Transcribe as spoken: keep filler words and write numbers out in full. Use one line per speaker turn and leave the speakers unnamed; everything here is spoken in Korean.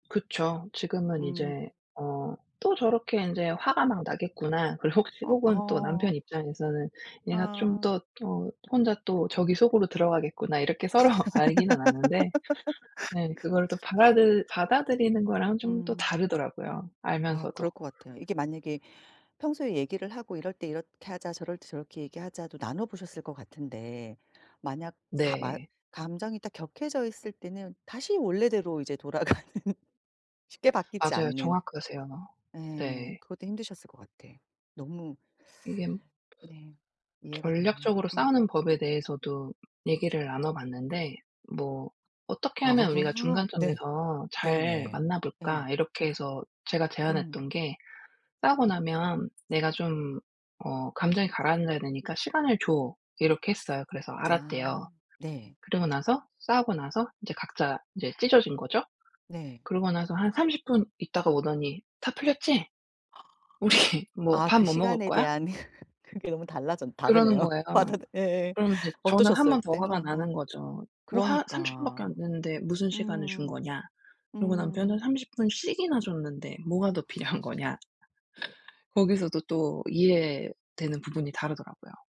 그쵸. 지금은
음.
이제 어 '또 저렇게 인제 화가 막 나겠구나.' 그리고 혹시
어
혹은 또
어.
남편 입장에서는 '얘가 좀
아.
더 어 혼자 또 저기 속으로 들어가겠구나.' 이렇게 서로 알기는 아는데, 예 그걸 또 받아들 받아들이는 거랑은 좀 또
음.
다르더라고요,
아
알면서도.
그럴 거 같아요. 이게 만약에 평소에 얘기를 하고 "이럴 때 이렇게 하자. 저럴 때 저렇게 얘기하자."도 나눠보셨을 것 같은데, 만약 가마
네.
감정이 딱 격해져 있을 때는 다시 원래대로 이제 돌아가는 쉽게 바뀌지
맞아요.
않는
정확하세요.
음.
네.
그것도 힘드셨을 것 같아. 너무
이겜
네. 이해가 되네요.
전략적으로
음.
싸우는 법에 대해서도 얘기를 나눠봤는데 뭐 "어떻게 하면 우리가
아 네.
중간점에서 잘
네네.
만나볼까?"
예.
이렇게 해서 제가
음.
제안했던 게 "싸우고 나면 내가 좀 어 감정이 가라앉아야 되니까 시간을 줘." 이렇게 했어요. 그래서
아
알았대요.
네.
그러고 나서 싸우고 나서 이제 각자 이제 찢어진 거죠.
네.
그러고 나서 한 삼십 분 있다가 오더니 "다 풀렸지? 우리 뭐
아
밥
그
뭐 먹을
시간에
거야?"
대한 그게 너무 달라졌
그러는
다르네요.
거예요.
아 다 예예.
그러면 이제 저는 한
어떠셨어요?
번 더
그때?
화가
어어
나는 거죠. "뭐 화 삼십 분 밖에
그러니까.
안 됐는데 무슨 시간을 준
음
거냐." 그러고 남편은
음.
"삼십 분씩이나 줬는데 뭐가 더 필요한 거냐?" 거기서도 또 이해되는 부분이 다르더라고요.